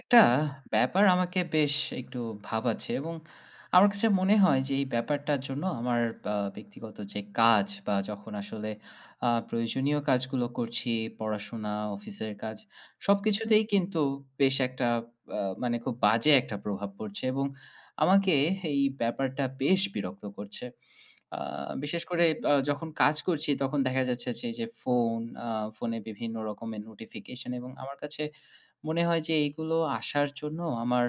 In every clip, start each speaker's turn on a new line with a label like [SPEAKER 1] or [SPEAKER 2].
[SPEAKER 1] একটা ব্যাপার আমাকে বেশ একটু ভাবাচ্ছে এবং আমার কাছে মনে হয় যে এই ব্যাপারটার জন্য আমার আ ব্যক্তিগত যে কাজ বা যখন আসলে আ প্রয়োজনীয় কাজগুলো করছি পড়াশোনা, অফিসের কাজ
[SPEAKER 2] হু,
[SPEAKER 1] সবকিছুতেই
[SPEAKER 2] হু।
[SPEAKER 1] কিন্তু বেশ একটা আ মানে খুব বাজে একটা প্রভাব পড়ছে এবং
[SPEAKER 2] আচ্ছা।
[SPEAKER 1] আমাকে এই ব্যাপারটা বেশ বিরক্ত করছে। আ বিশেষ
[SPEAKER 2] হু,
[SPEAKER 1] করে
[SPEAKER 2] হু।
[SPEAKER 1] আ যখন কাজ করছি তখন দেখা যাচ্ছে যে এইযে ফোন আ ফোনে বিভিন্ন রকমের নোটিফিকেশন এবং আমার কাছে মনে হয় যে এগুলো আসার জন্য আমার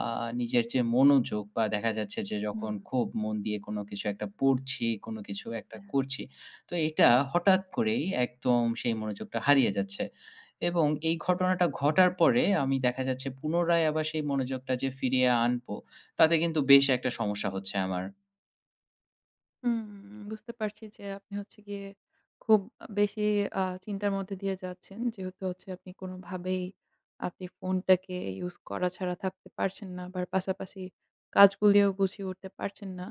[SPEAKER 1] আ নিজের যে মনোযোগ বা দেখা যাচ্ছে যে
[SPEAKER 2] হু,
[SPEAKER 1] যখন
[SPEAKER 2] হু।
[SPEAKER 1] খুব মন দিয়ে কোনো কিছু একটা পড়ছি, কোন কিছু একটা
[SPEAKER 2] হ্যাঁ।
[SPEAKER 1] করছি। তো এইটা হঠাৎ করেই একদম সেই মনোযোগটা হারিয়ে যাচ্ছে এবং এই ঘটনাটা ঘটার পরে আমি দেখা যাচ্ছে পুনরায় আবার সেই মনোযোগটা যে ফিরিয়ে আনবো তাতে কিন্তু বেশ একটা সমস্যা হচ্ছে আমার।
[SPEAKER 2] হু, বুঝতে পারছি যে আপনি হচ্ছে গিয়ে খুব বেশি আ চিন্তার মধ্যে দিয়ে যাচ্ছেন যেহেতু হচ্ছে আপনি কোনোভাবেই আপনি ফোনটাকে ইউজ করা ছাড়া থাকতে পারছেন না আবার পাশাপাশি কাজগুলিও গুছিয়ে উঠতে পারছেন না।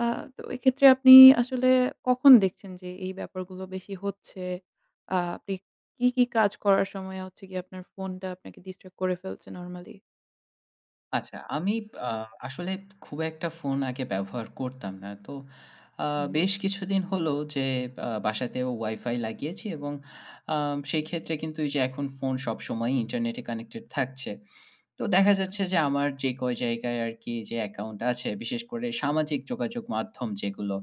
[SPEAKER 2] আ তো এক্ষেত্রে আপনি আসলে কখন দেখছেন যে এই ব্যাপারগুলো বেশি হচ্ছে? আ আপনি কী, কী কাজ করার সময় হচ্ছে গিয়ে আপনার ফোনটা আপনাকে distract করে ফেলছে নরমালি?
[SPEAKER 1] আচ্ছা, আমি আ আসলে খুব একটা ফোন আগে ব্যবহার করতাম না। তো আ
[SPEAKER 2] হুম, হুম।
[SPEAKER 1] বেশ কিছুদিন হল যে আ বাসাতেও WiFi লাগিয়েছি এবং আ সেই ক্ষেত্রে কিন্তু এই যে এখন ফোন সবসময় internet এ connected থাকছে। তো দেখা
[SPEAKER 2] আচ্ছা।
[SPEAKER 1] যাচ্ছে যে আমার যে কয় জায়গায় আরকি যে অ্যাকাউন্ট আছে বিশেষ করে সামাজিক যোগাযোগ মাধ্যম যেগুলো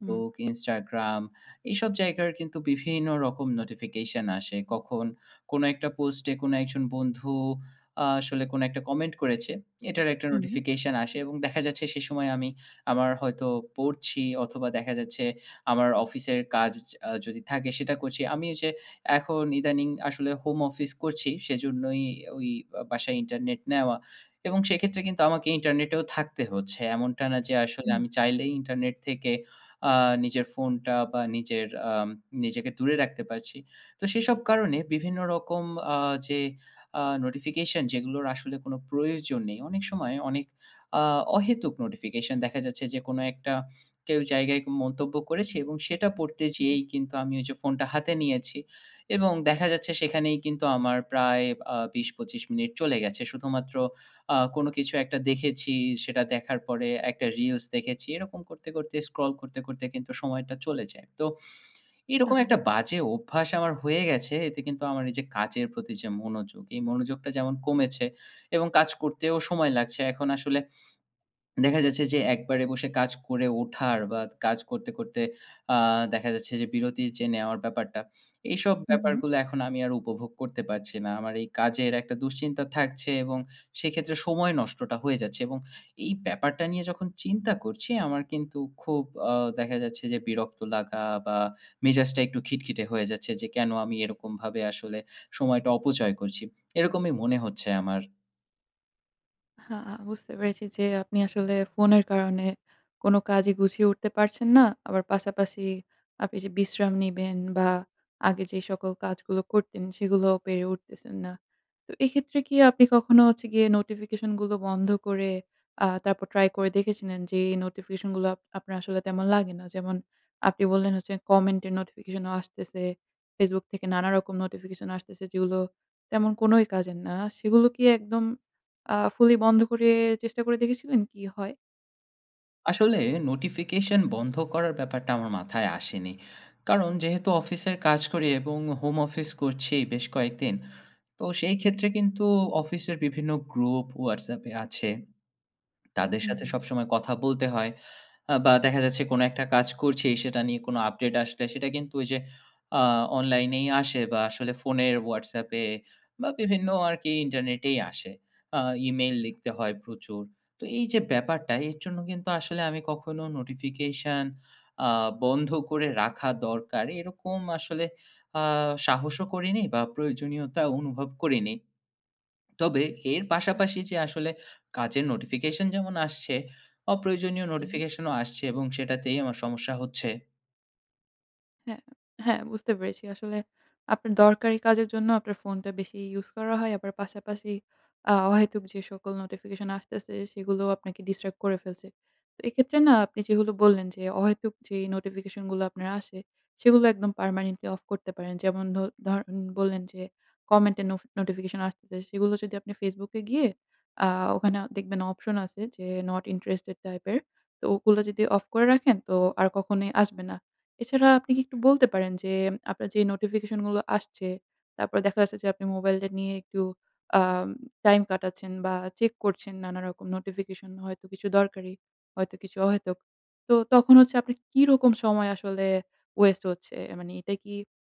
[SPEAKER 2] হুম।
[SPEAKER 1] Instagram এসব জায়গার কিন্তু বিভিন্ন রকম notification আসে। কখন কোন একটা পোস্টে কোন একজন বন্ধু আ আসলে কোন একটা কমেন্ট করেছে। এটার একটা
[SPEAKER 2] হুম।
[SPEAKER 1] notification আসে এবং দেখা যাচ্ছে সেই সময় আমি আমার হয়তো পড়ছি অথবা দেখা যাচ্ছে আমার অফিসের কাজ আ যদি থাকে সেটা করছি আমি এই যে এখন ইদানিং আসলে হোম অফিস করছি সেজন্যই ওই ও বাসায় internet নেওয়া এবং সেক্ষেত্রে কিন্তু আমাকে ইন্টারনেটেও থাকতে হচ্ছে। এমনটা না যে আসলে
[SPEAKER 2] হুম।
[SPEAKER 1] আমি চাইলেই internet থেকে আ নিজের ফোনটা বা নিজের আ নিজেকে দূরে রাখতে পারছি। তো সেসব কারণে বিভিন্ন রকম আ যে আ notification যেগুলোর আসলে কোনো প্রয়োজন নেই। অনেক সময় অনেক আ অহেতুক নোটিফিকেশন দেখা যাচ্ছে যে কোনো একটা কেউ জায়গায় মন্তব্য করেছে এবং সেটা পড়তে
[SPEAKER 2] জি।
[SPEAKER 1] যেয়েই কিন্তু আমি ওই যে ফোনটা হাতে নিয়েছি এবং দেখা যাচ্ছে সেখানেই কিন্তু আমার প্রায় আ ২০-২৫ মিনিট চলে গেছে শুধুমাত্র আ কোন কিছু একটা দেখেছি, সেটা দেখার পরে একটা reels দেখেছি, এরকম করতে, করতে, scroll করতে, করতে, কিন্তু সময়টা চলে যায়। তো এরকম
[SPEAKER 2] আহারে।
[SPEAKER 1] একটা বাজে অভ্যাস আমার হয়ে গেছে। এতে কিন্তু আমার এই যে কাজের প্রতি যে মনোযোগ, এই মনোযোগটা যেমন কমেছে এবং কাজ করতেও সময় লাগছে। এখন আসলে দেখা যাচ্ছে যে একবারে বসে কাজ করে ওঠার বা কাজ করতে, করতে, আ দেখা যাচ্ছে যে বিরতি যে নেওয়ার ব্যাপারটা? এইসব
[SPEAKER 2] হুম, হুম।
[SPEAKER 1] ব্যাপারগুলো এখন আমি আর উপভোগ করতে পারছি না। আমার এই কাজের একটা দুশ্চিন্তা থাকছে এবং সেক্ষেত্রে সময় নষ্টটা হয়ে যাচ্ছে এবং এই ব্যাপারটা নিয়ে যখন চিন্তা করছি আমার কিন্তু খুব আ দেখা যাচ্ছে যে বিরক্ত লাগা বা মেজাজটা একটু খিটখিটে হয়ে যাচ্ছে যে কেন আমি এরকমভাবে আসলে সময়টা অপচয় করছি? এরকমই মনে হচ্ছে আমার।
[SPEAKER 2] হা আ বুঝতে পেরেছি যে আপনি আসলে ফোনের কারণে কোন কাজই গুছিয়ে উঠতে পারছেন না। আবার পাশাপাশি আপনি যে বিশ্রাম নিবেন বা আগে যে সকল কাজগুলো করতেন সেগুলো পেরে উঠতেছেন না। তো এক্ষেত্রে কি আপনি কখনো হচ্ছে গিয়ে নোটিফিকেশন গুলো বন্ধ করে আ তারপর ট্রাই করে দেখেছিলেন? যে এই নোটিফিকেশন গুলো আপ আপনার আসলে তেমন লাগে না। যেমন আপনি বললেন হচ্ছে কমেন্ট এর নোটিফিকেশনও আসতেছে। ফেসবুক থেকে নানা রকম নোটিফিকেশন আসতেছে যেগুলো তেমন কোনই কাজের না। সেগুলো কি একদম আ fully বন্ধ করে চেষ্টা করে দেখেছিলেন কী হয়?
[SPEAKER 1] আসলে নোটিফিকেশন বন্ধ করার ব্যাপারটা আমার মাথায় আসেনি। কারণ যেহেতু অফিসের কাজ করি এবং হোম অফিস করছি বেশ কয়েকদিন। তো সেই
[SPEAKER 2] হু।
[SPEAKER 1] ক্ষেত্রে কিন্তু অফিস এর বিভিন্ন গ্রুপ ওয়াটসঅ্যাপ এ আছে। তাদের সাথে
[SPEAKER 2] হু।
[SPEAKER 1] সবসময় কথা বলতে হয় আ বা দেখা যাচ্ছে কোনো একটা কাজ করছি সেটা নিয়ে কোনো আপডেট আসলে সেটা কিন্তু ওই যে আ অনলাইনেই আসে বা আসলে ফোনের হোয়াটসঅ্যাপে বা বিভিন্ন আর কি ইন্টারনেটেই আসে। আ ইমেইল লিখতে হয় প্রচুর। তো এই যে ব্যাপারটা এর জন্য কিন্তু আসলে আমি কখনো নোটিফিকেশন আ বন্ধ করে রাখা দরকার এরকম আসলে আ সাহসও করিনি বা প্রয়োজনীয়তা অনুভব করিনি। তবে এর
[SPEAKER 2] হ্যাঁ।
[SPEAKER 1] পাশাপাশি যে আসলে কাজের নোটিফিকেশন যেমন আসছে অপ্রয়োজনীয়
[SPEAKER 2] হুম।
[SPEAKER 1] নোটিফিকেশন ও আসছে এবং সেটাতেই আমার সমস্যা হচ্ছে।
[SPEAKER 2] হ্যাঁ, হ্যাঁ বুঝতে পেরেছি। আসলে আপনার দরকারী কাজের জন্য আপনার ফোনটা বেশি ইউস করা হয়। আবার পাশাপাশি আ অহেতুক যে সকল নোটিফিকেশন আসতেছে সেগুলো আপনাকে ডিস্ট্রাক্ট করে ফেলছে। তো এক্ষেত্রে না আপনি যেগুলো বললেন যে অহেতুক যে, নোটিফিকেশন গুলো আপনার আসে সেগুলো একদম পারমানেন্টলি অফ করতে পারেন। যেমন ধ ধরেন, বললেন যে, কমেন্টে নোফ নোটিফিকেশন আসতেছে। সেগুলো যদি আপনি Facebook এ গিয়ে আ ওখানে দেখবেন অপশন আছে যে, নট ইন্টারেস্টেড টাইপ এর। তো ওগুলো যদি অফ করে রাখেন তো আর কখনোই আসবে না। এছাড়া আপনি কি একটু বলতে পারেন যে, আপনার যে নোটিফিকেশন গুলো আসছে তারপর দেখা যাচ্ছে যে আপনি মোবাইলটা নিয়ে একটু আম টাইম কাটাচ্ছেন বা চেক করছেন নানা রকম নোটিফিকেশন হয়তো কিছু দরকারি, হয়তো কিছু অহেতুক। তো তখন হচ্ছে, আপনি কি রকম সময় আসলে ওয়েস্ট হচ্ছে? মানে এটা কি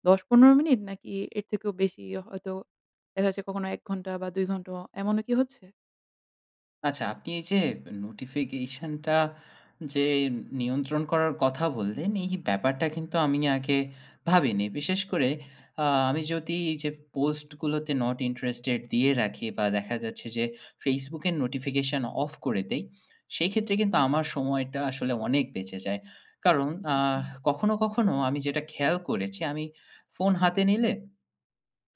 [SPEAKER 2] ১০ ১৫ মিনিট নাকি এর থেকেও বেশি হয়তো দেখা যাচ্ছে, কখনো ১ ঘন্টা বা ২ ঘন্টা এমনও কি হচ্ছে?
[SPEAKER 1] আচ্ছা, আপনি এই যে নোটিফিকেশনটা যে নিয়ন্ত্রণ করার কথা বললেন, এই ব্যাপারটা কিন্তু আমি আগে ভাবিনি। বিশেষ করে আ আমি যদি এই যে, পোস্টগুলোতে নট ইন্টারেস্টেড দিয়ে রাখি বা দেখা যাচ্ছে যে, Facebook এর নোটিফিকেশন অফ করে দেই। সেক্ষেত্রে কিন্তু
[SPEAKER 2] হুম।
[SPEAKER 1] আমার সময়টা আসলে অনেক বেঁচে যায়। কারণ আহ
[SPEAKER 2] ওকে।
[SPEAKER 1] কখনো, কখনো আমি যেটা খেয়াল করেছি, আমি ফোন হাতে নিলে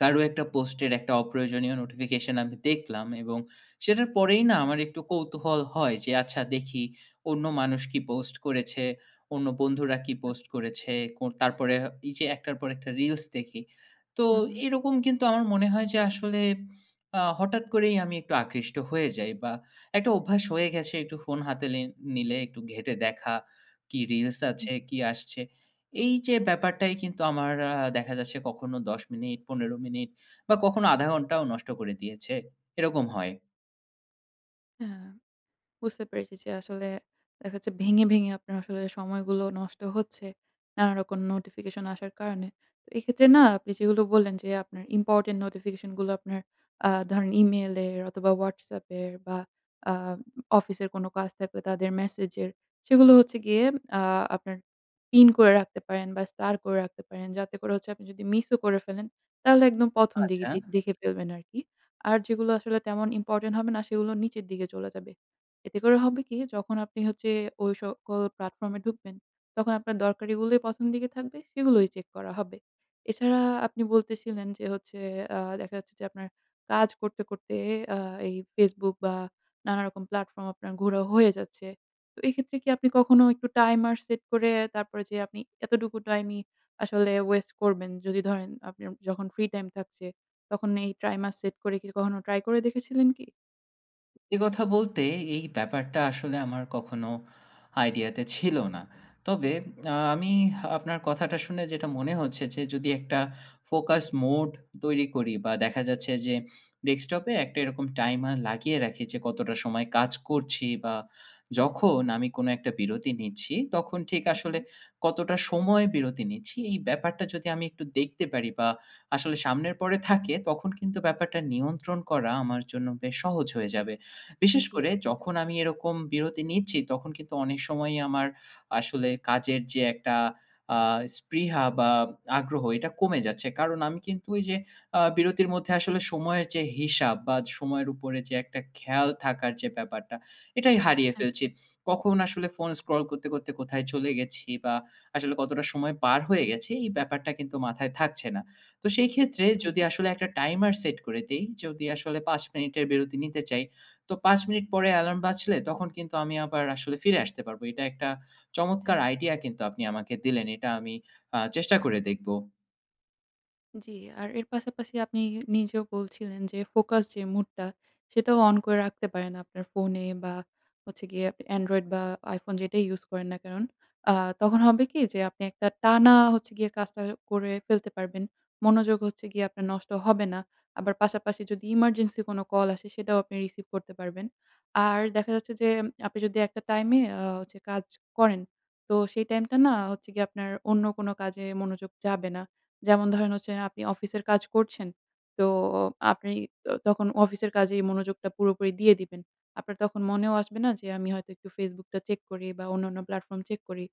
[SPEAKER 1] কারো একটা পোস্টের একটা অপ্রয়োজনীয় নোটিফিকেশন আমি দেখলাম এবং সেটার পরেই না আমার একটু কৌতূহল হয় যে, আচ্ছা দেখি অন্য মানুষ কি পোস্ট করেছে? অন্য বন্ধুরা কি পোস্ট
[SPEAKER 2] আচ্ছা।
[SPEAKER 1] করেছে? কোন তারপরে এই যে একটার পর একটা রিলস দেখি, তো
[SPEAKER 2] উম হুম।
[SPEAKER 1] এরকম কিন্তু আমার মনে হয় যে আসলে আ হঠাৎ করেই আমি একটু আকৃষ্ট হয়ে যাই বা একটা অভ্যাস হয়ে গেছে, একটু ফোন হাতে নিল নিলে, একটু ঘেটে দেখা কি রিলস
[SPEAKER 2] জি।
[SPEAKER 1] আছে, কি আসছে? এই যে ব্যাপারটাই কিন্তু আমার আ দেখা যাচ্ছে, কখনো ১০ মিনিট ১৫ মিনিট বা কখনো ১/২ ঘন্টাও নষ্ট করে দিয়েছে, এরকম হয়।
[SPEAKER 2] হ্যাঁ। বুঝতে পেরেছি যে আসলে দেখা যাচ্ছে ভেঙে, ভেঙে, আপনার আসলে সময়গুলো নষ্ট হচ্ছে। নানা রকম notification আসার কারণে। তো এক্ষেত্রে না আপনি সেগুলো বললেন যে আপনার ইম্পোর্টেন্ট নোটিফিকেশন গুলো আপনার আ ধরেন Email এর অথবা WhatsApp এর বা আ অফিসের কোন কাজ থাকলে তাদের ম্যাসেজ এর সেগুলো হচ্ছে গিয়ে আ আপনার পিন করে রাখতে পারেন বা স্টার করে রাখতে পারেন। যাতে করে হচ্ছে আপনি যদি মিস ও করে ফেলেন তাহলে একদম ১ম দিকে
[SPEAKER 1] আচ্ছা।
[SPEAKER 2] দি দেখে ফেলবেন আরকি। আর যেগুলো আসলে তেমন ইম্পোর্টেন্ট হবে না সেগুলো নিচের দিকে চলে যাবে। এতে করে হবে কি? যখন আপনি হচ্ছে ঐ সকল প্লাটফর্ম এ ঢুকবেন তখন আপনার দরকারিগুলোই ১ম দিকে থাকবে সেগুলোই চেক করা হবে। এছাড়া আপনি বলতেছিলেন যে হচ্ছে আ দেখা যাচ্ছে যে আপনার কাজ করতে, করতে, আ এই Facebook বা নানা রকম প্লাটফর্ম আপনার ঘুরা হয়ে যাচ্ছে। তো এইক্ষেত্রে কি আপনি কখনো একটু টাইমার সেট করে, তারপরে যে আপনি এতটুকু টাইমই আসলে ওয়েস্ট করবেন। যদি ধরেন আপনার যখন ফ্রি টাইম থাকছে, তখন এই টাইমার সেট করে কি কখনো ট্রাই করে দেখেছিলেন কি?
[SPEAKER 1] এ কথা বলতে এই ব্যাপারটা আসলে আমার কখনো আইডিয়া তে ছিল না। তবে আ আমি আপনার কথাটা শুনে যেটা মনে হচ্ছে যে, যদি একটা ফোকাস মোড তৈরি করি বা দেখা যাচ্ছে যে Desktop এ একটা এরকম টাইমার লাগিয়ে রাখি যে কতটা সময় কাজ করছি। বা
[SPEAKER 2] হ্যাঁ।
[SPEAKER 1] যখন আমি কোনো একটা বিরতি নিচ্ছি তখন ঠিক আসলে
[SPEAKER 2] উহুম।
[SPEAKER 1] কতটা সময় বিরতি নিচ্ছি। এই ব্যাপারটা যদি আমি একটু দেখতে পারি বা আসলে সামনের পরে থাকে তখন কিন্তু ব্যাপারটা নিয়ন্ত্রণ করা আমার জন্য বেশ সহজ হয়ে যাবে।
[SPEAKER 2] জি,
[SPEAKER 1] বিশেষ
[SPEAKER 2] জি।
[SPEAKER 1] করে যখন আমি এরকম বিরতি নিচ্ছি তখন কিন্তু অনেক সময়ই আমার আসলে কাজের যে একটা আ স্পৃহা বা আগ্রহ এটা কমে যাচ্ছে। কারণ আমি কিন্তু ওই যে আ বিরতির মধ্যে আসলে সময়ের যে হিসাব বা সময়ের উপরে যে একটা খেয়াল থাকার যে ব্যাপারটা এটাই হারিয়ে
[SPEAKER 2] হ্যা।
[SPEAKER 1] ফেলছি। কখন আসলে ফোন স্ক্রল করতে, করতে, কোথায় চলে গেছি বা আসলে কতটা সময় পার হয়ে গেছি এই ব্যাপারটা কিন্তু মাথায় থাকছে না। তো সেই ক্ষেত্রে যদি
[SPEAKER 2] উহুম।
[SPEAKER 1] আসলে একটা টাইমার সেট করে দেই। যদি আসলে ৫ মিনিটের বিরতি নিতে চাই তো ৫ মিনিট পরে এলার্ম বাজলে তখন কিন্তু আমি আবার আসলে ফিরে আসতে পারব। এটা একটা চমৎকার
[SPEAKER 2] হ্যাঁ।
[SPEAKER 1] আইডিয়া কিন্তু আপনি আমাকে দিলেন। এটা আমি আ চেষ্টা করে দেখব।
[SPEAKER 2] জি। আর এর পাশাপাশি আপনি নিজেও বলছিলেন যে ফোকাস যে মুডটা সেটাও অন করে রাখতে পারেন আপনার ফোনে বা হচ্ছে গিয়ে Android বা iPhone যেটাই ইউস করেন না কারণ আ তখন হবে কি যে আপনি একটা টানা হচ্ছে গিয়ে কাজটা করে ফেলতে পারবেন। মনোযোগ হচ্ছে গিয়ে আপনার নষ্ট হবে না। আবার পাশাপাশি যদি emergency কোনো কল আসে সেটাও আপনি রিসিভ করতে পারবেন। আর দেখা যাচ্ছে যে আপনি যদি একটা টাইমে আ কাজ করেন তো সেই টাইমটা না হচ্ছে গিয়ে আপনার অন্য কোনো কাজে মনোযোগ যাবে না। যেমন ধরেন হচ্ছে আপনি অফিসের কাজ করছেন, তো আপনি ত তখন অফিসের কাজেই মনোযোগটা পুরোপুরি দিয়ে দিবেন। আপনার তখন মনেও আসবে না যে আমি হয়তো একটু Facebook টা চেক করি বা অন্যান্য platform চেক করি।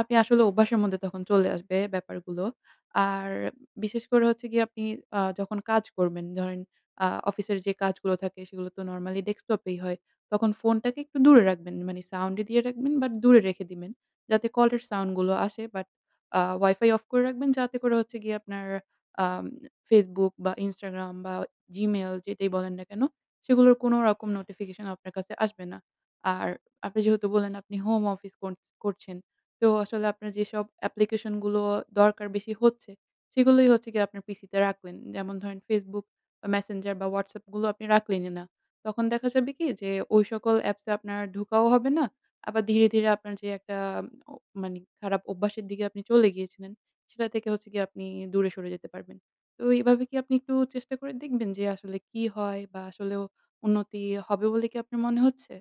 [SPEAKER 2] আপনি আসলে অভ্যাসের মধ্যে তখন চলে আসবে ব্যাপারগুলো। আর বিশেষ করে হচ্ছে গিয়ে আপনি আ যখন কাজ করবেন ধরেন আ অফিসের যে কাজগুলো থাকে সেগুলো তো নরমালি ডেস্কটপেই হয়। তখন ফোনটাকে একটু দূরে রাখবেন মানে সাউন্ড এ দিয়ে রাখবেন বা দূরে রেখে দিবেন যাতে কলের সাউন্ড গুলো আসে বাট আ WiFi off করে রাখবেন যাতে করে হচ্ছে গিয়ে আপনার আ Facebook বা Instagram বা Gmail যেটাই বলেন না কেন সেগুলোর কোনো রকম নোটিফিকেশন আপনার কাছে আসবে না। আর আপনি যেহেতু বললেন আপনি হোম অফিস করছ করছেন তো আসলে আপনার যেসব application গুলো দরকার বেশি হচ্ছে সেগুলোই হচ্ছে গিয়ে আপনার PC তে রাখবেন। যেমন ধরেন Facebook, Messenger বা WhatsApp গুলো আপনি রাখলেনই না। তখন দেখা যাবে কি যে ঐ সকল apps এ আপনার ঢোকাও হবে না। আবার ধীরে, ধীরে, আপনার যে একটা ও মানে খারাপ অভ্যাসের দিকে আপনি চলে গিয়েছিলেন সেটা থেকে হচ্ছে গিয়ে আপনি দূরে সরে যেতে পারবেন। তো এভাবে কি আপনি একটু চেষ্টা করে দেখবেন যে আসলে কি হয়? বা আসলেও উন্নতি হবে বলে কি আপনার মনে হচ্ছে?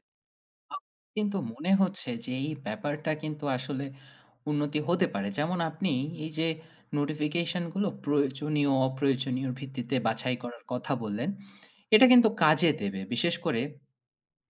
[SPEAKER 1] কিন্তু মনে হচ্ছে যে এই ব্যাপারটা কিন্তু আসলে উন্নতি হতে পারে। যেমন আপনি এই যে notification গুলো প্রয়োজনীয় অপ্রয়োজনীয়র ভিত্তিতে বাছাই করার কথা বললেন, এটা কিন্তু কাজে দেবে। বিশেষ করে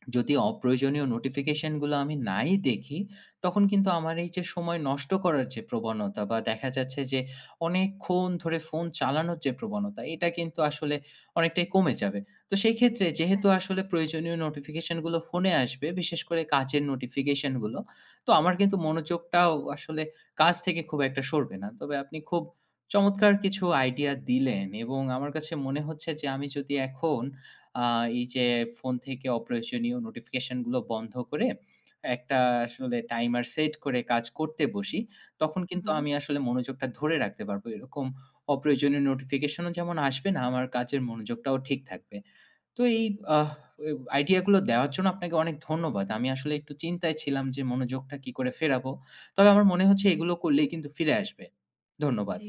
[SPEAKER 1] যদি অপ্রয়োজনীয় notification গুলো আমি নাই দেখি, তখন কিন্তু আমার এই যে সময় নষ্ট করার যে প্রবণতা বা দেখা যাচ্ছে যে অনেকক্ষণ ধরে ফোন চালানোর যে প্রবণতা এটা কিন্তু আসলে অনেকটাই কমে যাবে। তো সেই ক্ষেত্রে যেহেতু
[SPEAKER 2] হ্যাঁ।
[SPEAKER 1] আসলে প্রয়োজনীয় notification গুলো ফোনে আসবে বিশেষ করে কাজের notification গুলো। তো আমার কিন্তু মনোযোগটাও আসলে কাজ থেকে খুব একটা সরবে না। তবে আপনি খুব চমৎকার কিছু আইডিয়া দিলেন এবং আমার কাছে মনে হচ্ছে যে আমি যদি এখন আ এই যে ফোন থেকে অপ্রয়োজনীয় notification গুলো বন্ধ করে একটা আসলে টাইমার সেট করে কাজ করতে বসি। তখন
[SPEAKER 2] হু,
[SPEAKER 1] কিন্তু
[SPEAKER 2] হুম।
[SPEAKER 1] আমি আসলে মনোযোগটা ধরে রাখতে পারব। এরকম অপ্রয়োজনীয় notification ও যেমন আসবে না আমার কাজের মনোযোগটাও ঠিক থাকবে। তো এই আহ ওই আইডিয়া গুলো দেওয়ার জন্য আপনাকে অনেক ধন্যবাদ। আমি আসলে একটু চিন্তায় ছিলাম যে মনোযোগটা কি করে ফেরাবো। তবে আমার মনে হচ্ছে এগুলো করলেই কিন্তু ফিরে আসবে।
[SPEAKER 2] জি।
[SPEAKER 1] ধন্যবাদ।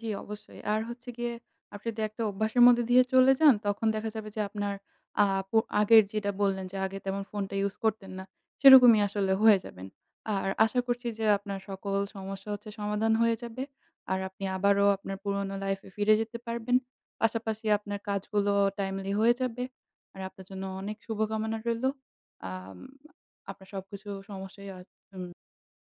[SPEAKER 2] জি, অবশ্যই আর হচ্ছে গিয়ে আপনি তো একটা অভ্যাসের মধ্যে দিয়ে চলে যান। তখন দেখা যাবে যে আপনার আপ অ আগের যেটা বললেন যে আগে তেমন ফোনটা ইউজ করতেন না। সেরকমই আসলে হয়ে যাবেন। আর আশা করছি যে আপনার সকল সমস্যা হচ্ছে সমাধান হয়ে যাবে। আর আপনি আবারও আপনার পুরোনো লাইফে ফিরে যেতে পারবেন। পাশাপাশি আপনার কাজগুলো timely হয়ে যাবে। আর আপনার জন্য অনেক শুভকামনা রইলো। আম আপনার সবকিছু সমস্যাই হয় উম